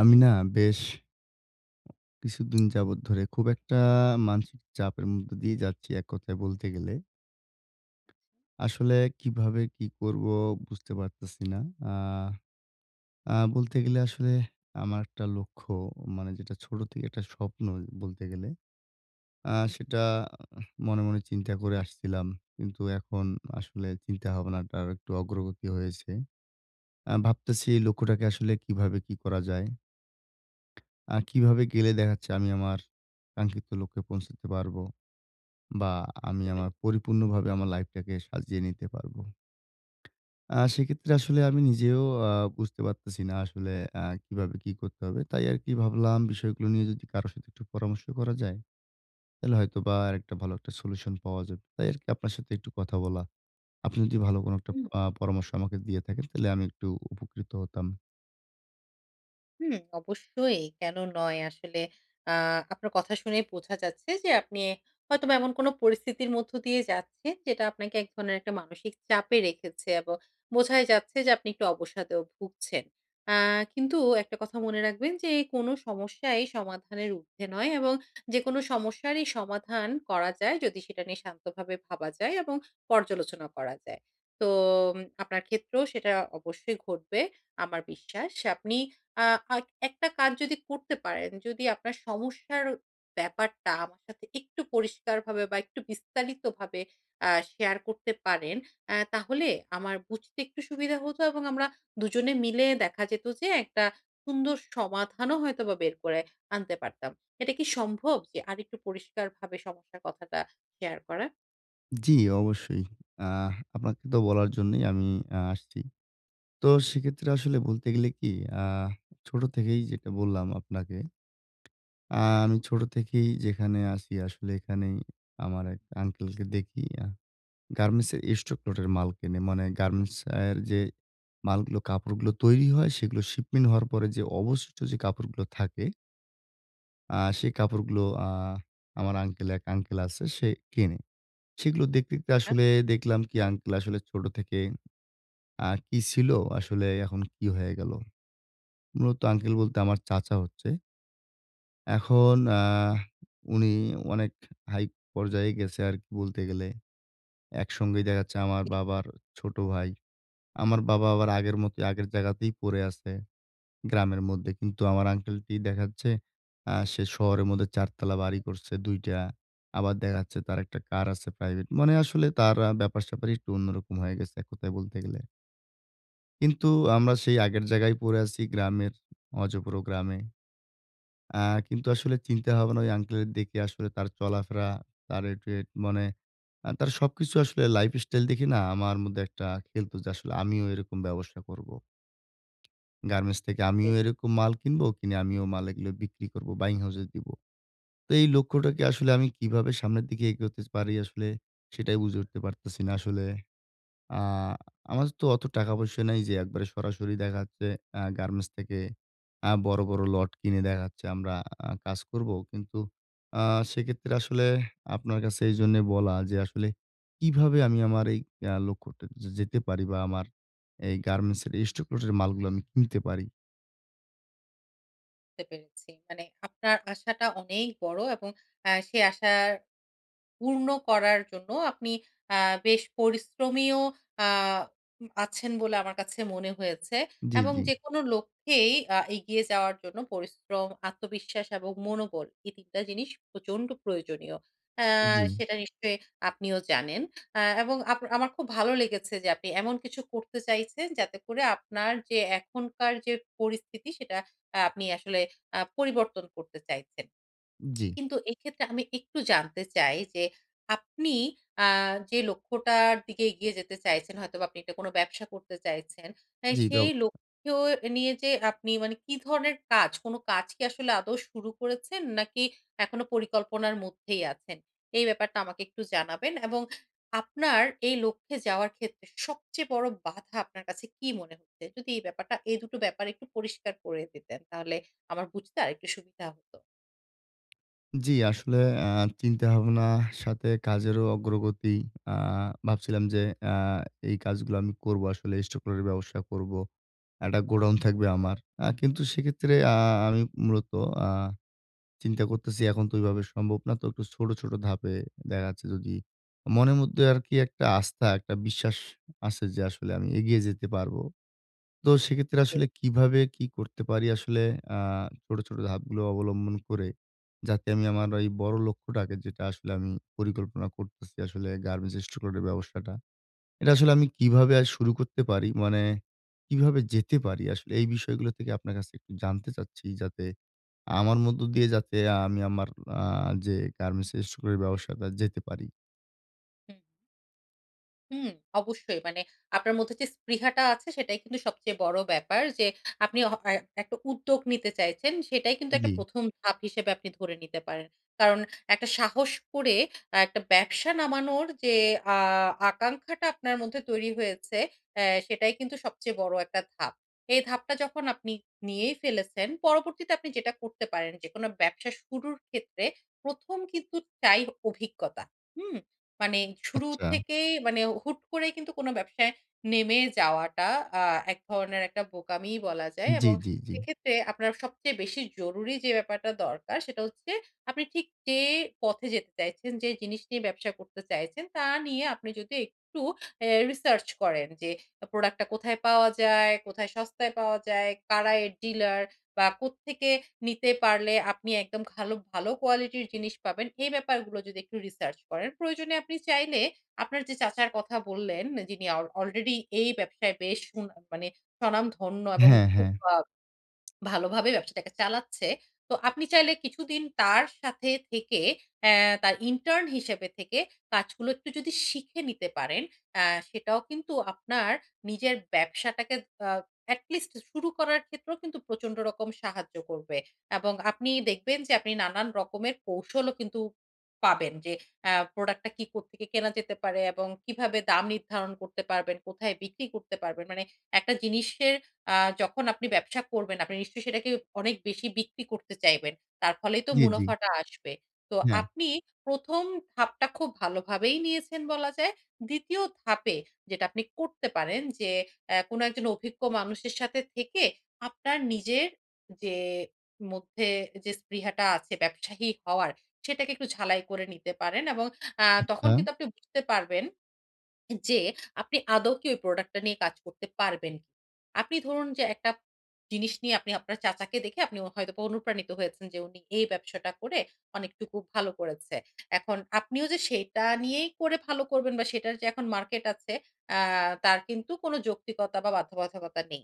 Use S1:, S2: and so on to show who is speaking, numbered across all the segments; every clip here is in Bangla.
S1: আমি না বেশ, কিছুদিন যাবত ধরে খুব একটা মানসিক চাপের মধ্যে দিয়ে যাচ্ছি, এক কথায় বলতে গেলে। আসলে কিভাবে কি করবো বুঝতে পারতেছি না। আহ! আ বলতে গেলে আসলে আমার একটা লক্ষ্য, মানে যেটা ছোট থেকে একটা স্বপ্ন বলতে গেলে। আ সেটা মনে, মনে চিন্তা করে আসছিলাম। কিন্তু এখন আসলে চিন্তাভাবনাটা আরেকটু অগ্রগতি হয়েছে। আ ভাবতেছি এই লক্ষ্যটাকে আসলে কিভাবে কি করা যায়। আ কিভাবে গেলে দেখা যাচ্ছে আমি আমার কাঙ্ক্ষিত লক্ষ্যে পৌঁছতে পারবো। বা আমি
S2: সেটাই।
S1: আমার পরিপূর্ণভাবে আমার life টাকে সাজিয়ে নিতে পারবো। আ সেক্ষেত্রে আসলে আমি নিজেও আ বুঝতে পারতেছি না আসলে আ কিভাবে কি করতে হবে। তাই আরকি ভাবলাম বিষয়গুলো নিয়ে যদি কারো সাথে একটু পরামর্শ করা যায়, তাহলে হয়তোবা আরেকটা ভালো একটা solution পাওয়া যাবে। তাই আরকি আপনার সাথে একটু কথা বলা। আপনি যদি ভালো কোনো একটা
S2: উম।
S1: আ পরামর্শ আমাকে দিয়ে থাকেন, তাহলে আমি একটু উপকৃত হতাম।
S2: হুম অবশ্যই, কেন নয়? আসলে আ আপনার কথা শুনেই বোঝা যাচ্ছে যে আপনি হয়তোবা এমন কোনো পরিস্থিতির মধ্য দিয়ে যাচ্ছেন যেটা আপনাকে এক ধরনের একটা মানসিক চাপে রেখেছে এবং বোঝাই যাচ্ছে যে আপনি একটু অবসাদেও ভুগছেন। আ কিন্তু একটা কথা মনে রাখবেন যে, কোনো সমস্যাই সমাধানের উর্ধ্বে নয় এবং যেকোনো সমস্যারই সমাধান করা যায় যদি সেটা নিয়ে শান্তভাবে ভাবা যায় এবং পর্যালোচনা করা যায়। তো আপনার ক্ষেত্রেও সেটা অবশ্যই ঘটবে আমার বিশ্বাস। আপনি আ আইক একটা কাজ যদি করতে পারেন, যদি আপনার সমস্যার ব্যাপারটা আমার সাথে একটু পরিষ্কারভাবে বা একটু বিস্তারিতভাবে আ শেয়ার করতে পারেন, অ্যা তাহলে আমার বুঝতে একটু সুবিধা হতো এবং আমরা দুজনে মিলে দেখা যেতো যে একটা সুন্দর সমাধানও হয়তো বা বের করে আনতে পারতাম। এটা কি সম্ভব, যে আরেকটু পরিষ্কারভাবে সমস্যার কথাটা শেয়ার করা?
S1: জি অবশ্যই। আ আপনাকে তো বলার জন্যই আমি আসছি। তো সেক্ষেত্রে আসলে বলতে গেলে কি আ ছোট থেকেই যেটা বললাম আপনাকে আমি ছোট থেকেই যেখানে আছি আসলে এখানেই আমার এক আঙ্কেলকে দেখি আ গার্মেন্টস এর stock lot এর মাল কেনে, মানে গার্মেন্টস এর যে মালগুলো, কাপড়গুলো তৈরি হয়, সেগুলো shipmen হওয়ার পরে যে অবশিষ্ট যে কাপড়গুলো থাকে আ সেই কাপড়গুলো আ আমার আঙ্কেল এক আঙ্কেল আছে সে কেনে। সেগুলো দেখতে, দেখতে
S2: আ
S1: আসলে দেখলাম কি আঙ্কেল আসলে ছোট থেকে আ কি ছিল, আসলে এখন কি হয়ে গেল! মূলত আঙ্কেল বলতে আমার চাচা হচ্ছে। এখন আ উনি অনেক high পর্যায়ে গেছে আরকি বলতে গেলে। একসঙ্গেই দেখা যাচ্ছে আমার
S2: [unintelligible]
S1: বাবার ছোট ভাই। আমার বাবা আবার আগের মতোই, আগের জাগাতেই পরে আছে, গ্রামের মধ্যে কিন্তু আমার আঙ্কেলটি দেখাচ্ছে আ সে শহরের মধ্যে ৪ তালা বাড়ি করছে ২ টা। আবার দেখা-যাচ্ছে তার একটা car আছে private, মানে আসলে তার আ ব্যাপার-স্যাপারই একটু অন্যরকম হয়ে গেছে এক কথায় বলতে গেলে। কিন্তু আমরা সেই আগের জায়গায় পড়ে আছি গ্রামের, অজপাড়া গ্রামে। আ কিন্তু আসলে চিন্তা ভাবনা ঐ আঙ্কলের দেখে আসলে তার চলাফেরা, তার, [unintelligible] মানে তার সবকিছু আসলে lifestyle দেখে না, আমার মধ্যে একটা খেলতো যে আসলে আমিও এরকম ব্যবসা করবো। গার্মেন্টস থেকে আমিও
S2: [unintelligible]
S1: এরকম মাল কিনবো, কিনে আমিও মাল এগুলো বিক্রি করবো, buying house এ দিবো। তো এই লক্ষ্যটাকে আসলে আমি কিভাবে সামনের দিকে এগোতে স পারি আসলে, সেটাই বুঝে উঠতে পারতেছি না আসলে। আ আমাদের তো অতো টাকা পয়সা নাই যে একবারে সরাসরি দেখা যাচ্ছে আ গার্মেন্টস থেকে আ বড়, বড় lot কিনে দেখা যাচ্ছে আমরা আ কাজ করবো। কিন্তু আ সেক্ষেত্রে আসলেহ আপনার কাছে এইজন্যই বলা যে আসলে কিভাবে আমি আমার এই আ লক্ষ্যটা যে যেতে পারি বা আমার এই গার্মেন্টস এর stock lot এর মালগুলা আমি কিনতে পারি?
S2: বুঝতে পেরেছি। মানে আপনার আশাটা অনেক বড় এবং আ সে আশার পূর্ণ করার জন্য আপনি আ বেশ পরিশ্রমীও আ উম আছেন বলে আমার কাছে মনে হয়েছে।
S1: জি,
S2: এবং
S1: জি।
S2: যেকোনো লক্ষ্যেই আ এগিয়ে যাওয়ার জন্য পরিশ্রম, আত্মবিশ্বাস এবং মনোবল, এই ৩ টা জিনিস প্রচন্ড প্রয়োজনীয়। আ
S1: জি।
S2: সেটা নিশ্চয়ই আপনিও জানেন। আ এবং আপ আমার খুব ভালো লেগেছে যে আপনি এমন কিছু করতে চাইছেন যাতে করে আপনার যে এখনকার যে পরিস্থিতি সেটা আ আপনি আসলে আ পরিবর্তন করতে চাইছেন।
S1: জি।
S2: কিন্তু এইক্ষেত্রে আমি একটু জানতে চাই যে আপনি আ যে লক্ষ্যটার দিকে এগিয়ে যেতে চাইছেন, হয়তোবা আপনি একটা কোনো ব্যবসা করতে চাইছেন, আ
S1: জি,
S2: সেই
S1: ব্যব-সা।
S2: লক্ষ্যেও এ নিয়ে যে আপনি মানে কি ধরনের কাজ, কোনো কাজ কি আসলে আদৌ শুরু করেছেন নাকি এখনো পরিকল্পনার মধ্যেই আছেন, এই ব্যাপারটা আমাকে একটু জানাবেন। এবং আপনার এই লক্ষ্যে যাওয়ার ক্ষেত্রে সবচেয়ে বড় বাধা আপনার কাছে কি মনে হচ্ছে, যদি এই ব্যাপারটা, এই ২ টো ব্যাপার একটু পরিষ্কার করে দিতেন তাহলে আমার বুঝতে আরেকটু সুবিধা হতো।
S1: জি, আসলে আ চিন্তাভাবনা সাথে কাজেরও অগ্রগতি। আ ভাবছিলাম যে আ এই কাজগুলো আমি করবো আসলে stock lot এর ব্যবসা করবো। একটা গোডাউন থাকবে আমার। আ কিন্তু সেক্ষেত্রে আ আমি মূলত আ চিন্তা করতেছি এখন তো ওইভাবে সম্ভব না। তো কিছু ছোট, ছোট ধাপে দেখা যাচ্ছে যদি মনের মধ্যে আরকি একটা আস্থা, একটা বিশ্বাস আছে যে আসলে আমি এগিয়ে যেতে পারবো। তো সেক্ষেত্রে আসলে
S2: [unintelligible]
S1: কিভাবে কি করতে পারি আসলে আ ছোট, ছোট ধাপগুলো অবলম্বন করে, যাতে আমি আমার ঐ বড় লক্ষ্যটাকে যেটা আসলে আমি পরিকল্পনা করতেছি আসলে গার্মেন্টস stock lot এর ব্যবসাটা। এটা আসলে আমি কিভাবে আর শুরু করতে পারি, মানে কিভাবে যেতে পারি আসলে এই বিষয়গুলো থেকে আপনার কাছে একটু জানতে চাচ্ছি? যাতে আমার মধ্য দিয়ে যাতে আমি আমার আ যে গার্মেন্টস stock lot এর ব্যবসাটা যেতে পারি।
S2: হুম। হুম, অবশ্যই। মানে আপনার মধ্যে যে স্পৃহাটা আছে সেটাই কিন্তু সবচেয়ে বড় ব্যাপার। যে আপনি হ এ একটা উদ্যোগ নিতে চাইছেন, সেটাই কিন্তু একটা
S1: জ্বী।
S2: ১ম ধাপ হিসেবে আপনি ধরে নিতে পারেন। কারণ একটা সাহস করে অ্যা একটা ব্যবসা নামানোর যে আ আকাঙ্খাটা আপনার মধ্যে তৈরি হয়েছে, এ্যা সেটাই কিন্তু সবচেয়ে বড় একটা ধাপ। এই ধাপটা যখন আপনি নিয়েই ফেলেছেন, পরবর্তীতে আপনি যেটা করতে পারেন, যেকোনো ব্যবসা শুরুর ক্ষেত্রে ১ম কিন্তু চাই অভিজ্ঞতা। হুম? মানে শুরু
S1: আচ্ছা।
S2: থেকেই মানে হুট করে কিন্তু কোনো ব্যবসায় নেমে যাওয়াটা আ এক ধরনের একটা বোকামিই বলা যায়।
S1: জ্বী,
S2: এবং
S1: জ্বী, জ্বী।
S2: সেক্ষেত্রে আপনার সবচেয়ে বেশি জরুরি যে ব্যাপারটা দরকার সেটা হচ্ছে আপনি ঠিক যে পথে যেতে চাইছেন, যেই জিনিস নিয়ে ব্যবসা করতে চাইছেন, তা নিয়ে আপনি যদি একটু অ্যা research করেন যে product টা কোথায় পাওয়া যায়, কোথায় সস্তায় পাওয়া যায়, কারা এর dealer বা কোত্থেকে নিতে পারলে আপনি একদম খালো ভালো কোয়ালিটির জিনিস পাবেন, এই ব্যাপারগুলো যদি একটু research করেন। প্রয়োজনে আপনি চাইলে আপনার যে চাচার কথা বললেন, যিনি অল already এই ব্যবসায় বেশ সুনাম মানে স্বনামধন্য এবং
S1: হ্যাঁ,
S2: খুব
S1: হ্যাঁ।
S2: আ ভালোভাবে ব্যবসাটাকে চালাচ্ছে, তো আপনি চাইলে কিছুদিন তার সাথে থেকে, এ্যা তার intern হিসেবে থেকে কাজগুলো একটু যদি শিখে নিতে পারেন, এ্যা সেটাও কিন্তু আপনার নিজের ব্যবসাটাকে আ at least শুরু করার ক্ষেত্রেও কিন্তু প্রচন্ড রকম সাহায্য করবে। এবং আপনি দেখবেন যে আপনি নানান রকমের কৌশলও কিন্তু পাবেন, যে এ্যা product টা কি, কোত্থেকে কেনা যেতে পারে এবং কিভাবে দাম নির্ধারণ করতে পারবেন, কোথায় বিক্রি করতে পারবেন। মানে একটা জিনিসের আ যখন আপনি ব্যবসা করবেন আপনি নিশ্চয়ই সেটাকে অনেক বেশি বিক্রি করতে চাইবেন। তার ফলেই তো
S1: জ্বী, জ্বী।
S2: মুনাফাটা আসবে। তো
S1: হ্যাঁ।
S2: আপনি ১ম ধাপটা খুব ভালোভাবেই নিয়েছেন বলা যায়। ২য় ধাপে যেটা আপনি করতে পারেন যে এ্যা কোনো একজন অভিজ্ঞ মানুষের সাথে থেকে, আপনার নিজের যে মধ্যে যে স্পৃহাটা আছে ব্যবসায়ী হওয়ার, সেটাকে একটু ঝালাই করে নিতে পারেন। এবং আ তখন
S1: আচ্ছা।
S2: কিন্তু আপনি বুঝতে পারবেন, যে আপনি আদৌ কি ঐ product টা নিয়ে কাজ করতে পারবেন। আপনি ধরুন যে একটা জিনিস নিয়ে আপনি আপনার চাচাকে দেখে আপনি ও হয়তো অনুপ্রাণিত হয়েছেন যে উনি এই ব্যবসাটা করে অনেকটুকু ভালো করেছে। এখন আপনিও যে সেইটা নিয়েই করে ভালো করবেন বা সেইটার যে এখন মার্কেট আছে, আ তার কিন্তু কোনো যৌক্তিকতা বা বাধ্যবাধকতা নেই।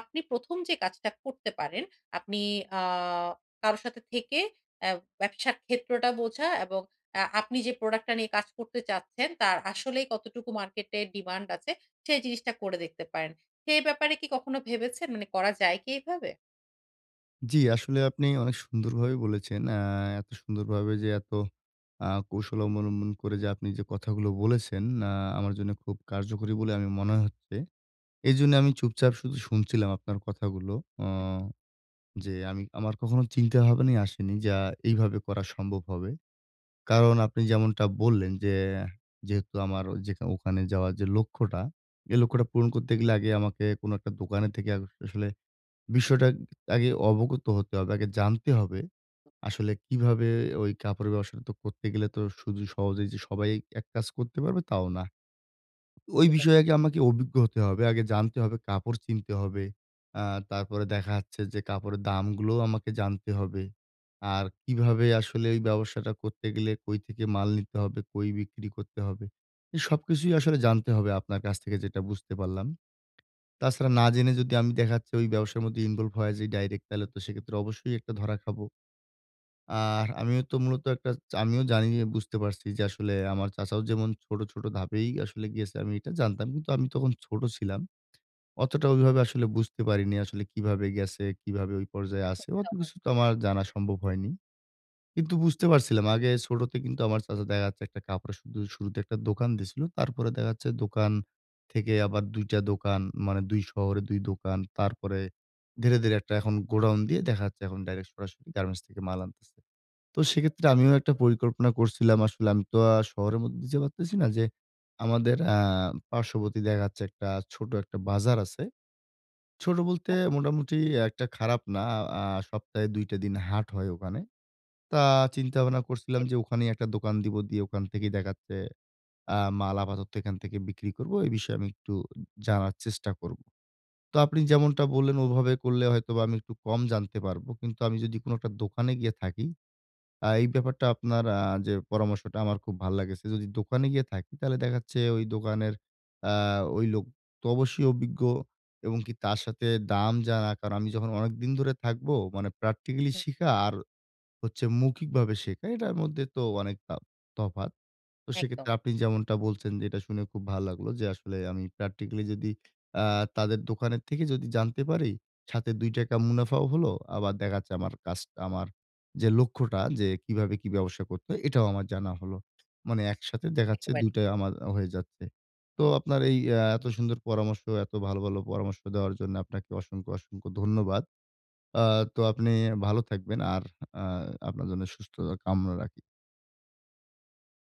S2: আপনি ১ম যে কাজটা করতে পারেন, আপনি আ কারো সাথে থেকে এ্যা ব্যবসার ক্ষেত্রটা বোঝা এবং এ্যা আপনি যে product টা নিয়ে কাজ করতে চাচ্ছেন, তার আসলেই কতটুকু মার্কেটে demand আছে, সেই জিনিসটা করে দেখতে পারেন। সে ব্যাপারে কি কখনো ভেবেছেন? মানে করা যায় কি এভাবে?
S1: জ্বী আসলে আপনি অনেক সুন্দরভাবেই বলেছেন! আ এত সুন্দরভাবে যে এত আ কৌশল অবলম্বন করে যে আপনি যে কথাগুলো বলেছেন, আ আমার জন্য খুব কার্যকরী বলে আমি মনে হচ্ছে। এজন্যে আমি চুপচাপ শুধু শুনছিলাম আপনার কথাগুলো। অ
S2: হু, হু।
S1: যে আমি আমার কখনো চিন্তা ভাবনাই আসেনি যা এইভাবে করা সম্ভব হবে। কারণ আপনি যেমনটা বললেন যে, অ্যা যেহেতু আমার ওই যেখা ওখানে যাওয়ার যে লক্ষ্যটা, এ লক্ষ্যটা পূরণ করতে গেলে, আগে আমাকে কোন একটা দোকানে থেকে আগো আসলে বিষয়টা উম আগে অবগত হতে হবে, আগে জানতে হবে, আসলে কিভাবে ওই কাপড়ের ব্যবসাটা তো করতে গেলে তো, শুধু সহজেই যে সবাই এক কাজ করতে পারবে, তাও না। ওই
S2: হতে পারে।
S1: বিষয়ে আগে আমাকে অভিজ্ঞ হতে হবে। আগে জানতে হবে, কাপড় চিনতে হবে। আ তারপরে দেখা যাচ্ছে যে কাপড়ের দামগুলোও আমাকে জানতে হবে। আর কিভাবে আসলে এই ব্যবসাটা করতে গেলে, কই থেকে মাল নিতে হবে, কই বিক্রি করতে হবে এ সবকিছুই আসলে জানতে হবে আপনার কাছ থেকে, যেটা বুঝতে পারলাম। তাছাড়া
S2: হুম।
S1: না জেনে যদি আমি দেখাচ্ছি ওই ব্যবসার মধ্যে ইনভলভ হয়া যাই ডাইরেক্ট তালে তো সেক্ষেত্রে অবশ্যই একটা ধরা খাবো। আহ আমিও তো মূলত একটা আমিও জানি যে বুঝতে পারছি যে আসলে আমার চাচাও যেমন ছোট, ছোট ধাপেই আসলে এগিয়েছে, আমি এটা জানতাম। কিন্তু আমি তখন ছোট ছিলাম। অতটা ওইভাবে আসলে বুঝতে পারিনি, আসলে কিভাবে গেছে, কিভাবে ওই পর্যায়ে আছে,
S2: খুব
S1: অত
S2: সহজ।
S1: কিছু তো আমার জানা সম্ভব হয়নি। কিন্তু বুঝতে পারছিলাম আগে ছোটতে কিন্তু আমার চাচা দেখা-যাচ্ছে একটা কাপড়ে শুধু শুরুতে একটা দোকান দিছিলো। তারপরে দেখা যাচ্ছে দোকান থেকে আবার ২ টা দোকান, মানে ২ শহরে ২ দোকান। তারপরে, ধীরে, ধীরে একটা এখন গোডাউন দিয়ে, দেখাচ্ছে এখন ডাইরেক্ট সরাসরি গার্মেন্টস থেকে মাল আনতেছে। তো সেক্ষেত্রে, আমিও একটা পরিকল্পনা করছিলাম আসলে আমি তো আ শহরের মধ্যে যে পারতিছি না যে, আমাদের অ্যা পার্শ্ববর্তী দেখাচ্ছে একটা ছোট, একটা বাজার আছে। ছোট বলতে,
S2: হ্যাঁ।
S1: মোটামুটি একটা খারাপ না। আ আ সপ্তাহে ২ টা দিন হাট হয় ওখানে। তা চিন্তা-ভাবনা করছিলাম
S2: এ
S1: যে, ওখানেই একটা দোকান দিব। দিয়ে, ওখান থেকেই দেখাচ্ছে আ মাল আপাতত এখান থেকে বিক্রি করব। এ বিষয়ে আমি একটু উম জানার চেষ্টা করব। তো আপনি যেমনটা বললেন, ওভাবে করলে হয়তো বা আমি একটু কম জানতে পারবো। কিন্তু আমি যদি কোন একটা দোকানে গিয়ে থাকি, আ এই ব্যাপারটা আপনার আ যে পরামর্শটা, আমার খুব ভাল লাগেছে যদি দোকানে গিয়ে থাকি, তালে দেখাচ্ছে ওই দোকানের আ ওই লোক তো অবশ্যই অভিজ্ঞ এবং কি তার সাথে দাম জানা। কারণ, আমি যখন অনেকদিন ধরে থাকবো, মানে practically
S2: হু।
S1: শিখা আর হচ্ছে মৌখিকভাবে শেখা, এটার মধ্যে তো অনেক তা তফা তো
S2: একদম।
S1: সেক্ষেত্রে আপনি যেমনটা বলছেন যে, এটা শুনে খুব ভাল লাগলো যে, আসলে আমি practically যদি আ তাদের দোকানের থেকে যদি জানতে পারি, সাথে ৳২ মুনাফাও হলো, আবার দেখাচ্ছে আমার কাজটা, আমার যে লক্ষ্যটা যে, "কীভাবে কি ব্যবসা করতে হয়?" এটাও আমার জানা হলো। মানে, একসাথে দেখাচ্ছে
S2: একেবারেই।
S1: ২ টাই আমার আ হয়ে যাচ্ছে। তো আপনার এই অ্যা এত সুন্দর পরামর্শ, এত ভালো, ভালো পরামর্শ দেওয়ার জন্য, আপনাকে অসংখ্য, অসংখ্য ধন্যবাদ। আ তো আপনি আ ভালো থাকবেন আর আ আপনার জন্য সুস্থতা কামনা রাখি।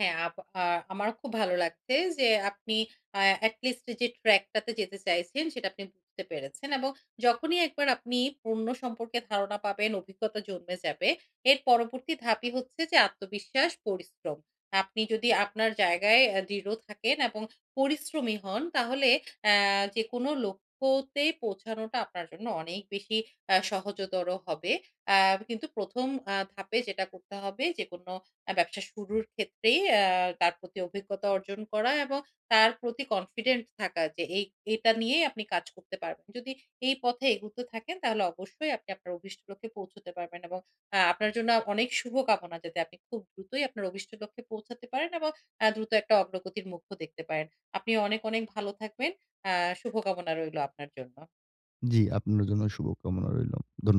S2: হ্যাঁ আপ আ আমারও খুব ভালো লাগছে যে, আপনি আ এট লিস্ট এই যে track টাতে যেতে চাইছেন, সেটা আপনি বুঝতে পেরেছেন এবং যখনই একবার আপনি পণ্য সম্পর্কে ধারণা পাবেন, অভিজ্ঞতা জন্মে যাবে, এর পরবর্তী ধাপই হচ্ছে যে আত্মবিশ্বাস, পরিশ্রম। আপনি যদি আপনার জায়গায় অ্যা দৃঢ় থাকেন এবং পরিশ্রমী হন, তাহলে অ্যা যেকোনো লক্ষ্যতেই পৌঁছানোটা আপনার জন্য অনেক বেশি আ সহজতর হবে। আ কিন্তু ১ম আ ধাপে যেটা করতে হবে, যে কোন আ ব্যবসা শুরুর ক্ষেত্রেই আ তার প্রতি অভিজ্ঞতা অর্জন করা, এবং তার প্রতি কনফিডেন্ট থাকা যে, এই এটা নিয়েই আপনি কাজ করতে পারবেন। যদি এই পথে এগুতে থাকেন, তাহলে অবশ্যই, আপনি আপনার অভিষ্ট লক্ষ্যে পৌঁছুতে পারবেন। এবং আ আপনার জন্য আ অনেক শুভকামনা, যাতে আপনি খুব দ্রুতই আপনার অভিষ্ট লক্ষ্যে পৌঁছাতে পারেন এবং অ্যা দ্রুত, একটা অগ্রগতির মুখও দেখতে পারেন। আপনি অনেক, অনেক ভালো থাকবেন। আ শুভকামনা রইলো আপনার জন্য।
S1: জ্বী, আপনার জন্য শুভকামনা রইল। ধন্য